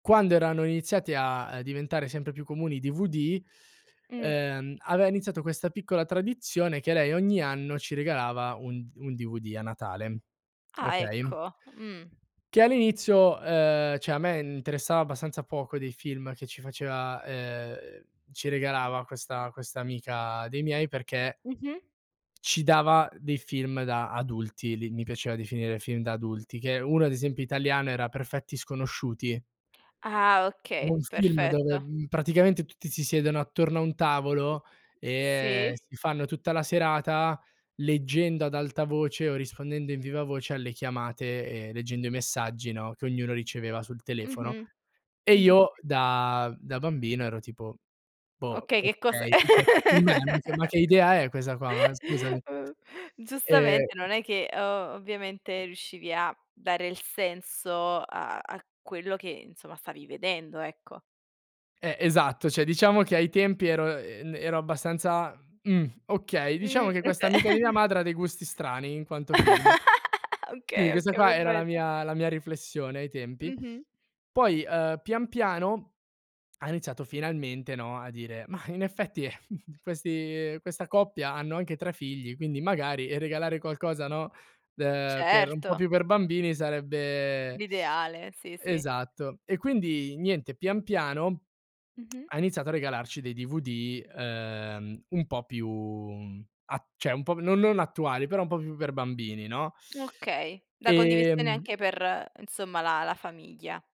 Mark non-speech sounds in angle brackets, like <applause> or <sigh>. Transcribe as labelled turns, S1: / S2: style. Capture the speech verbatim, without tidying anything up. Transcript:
S1: Quando erano iniziati a a diventare sempre più comuni i DVD,
S2: Mh.
S1: ehm, aveva iniziato questa piccola tradizione che lei ogni anno ci regalava un un DVD a Natale,
S2: Ah,
S1: okay?
S2: ecco, mh.
S1: Che all'inizio, ehm, ceh, a me interessava abbastanza poco dei film che ci faceva, ehm ci regalava questa questa amica dei miei perché
S2: Mh-mh.
S1: ci dava dei film da adulti, li mi piaceva definire film da adulti, che uno, ad esempio, italiano, era perfetti sconosciuti.
S2: Ah, okay,
S1: Un film
S2: perfetto.
S1: dove, praticamente, mhmm, tutti si siedono attorno a un tavolo e
S2: Sì.
S1: si fanno tutta la serata leggendo ad alta voce o rispondendo in vivavoce alle chiamate e leggendo i messaggi, no, che ognuno riceveva sul telefono.
S2: Mh-mh.
S1: E
S2: Mh-mh.
S1: io da da bambino ero tipo: "Boh,
S2: Okay, che cos'è?
S1: okay. Ceh, <unintelligible> ma che ma che idea è questa qua, ma scusami."
S2: <laughs>
S1: E
S2: Giustamente, non è che, ehm, ovviamente, riuscivi a dare il senso a a quello che, insomma, stavi vedendo, ecco.
S1: Eh, esatto, ceh, diciamo che, ai tempi, ero e ero abbastanza: "Mhmm, okay, diciamo
S2: Mh,
S1: che questa
S2: oka
S1: amica di mia
S2: <giggles>
S1: madre ha dei gusti strani in quanto film."
S2: <laughs> Okay,
S1: Quindi questa
S2: okay,
S1: qua era la
S2: perfetto.
S1: mia la mia riflessione ai tempi.
S2: Mh-mh.
S1: Poi, ehm, pian piano ha iniziato, finalmente, no, a dire: "Mah, in effetti, ehm, <chuckles> questi questa coppia hanno anche tre figli, quindi, magari, regalare qualcosa, no, ehm, per un po'
S2: Certo.
S1: più per bambini, sarebbe"
S2: L'ideale,
S1: <sucks teeth>
S2: sì, sì.
S1: Esatto. E quindi niente, pian piano <smacks lips>
S2: Mh-mh.
S1: ha iniziato a regalarci dei DVD, ehm, un po' più a ceh, un po' no non attuali, però un po' più per bambini, no?
S2: Okay, la
S1: <sucks teeth>
S2: condivisione anche
S1: Ehm
S2: per, nsomma, la la famiglia.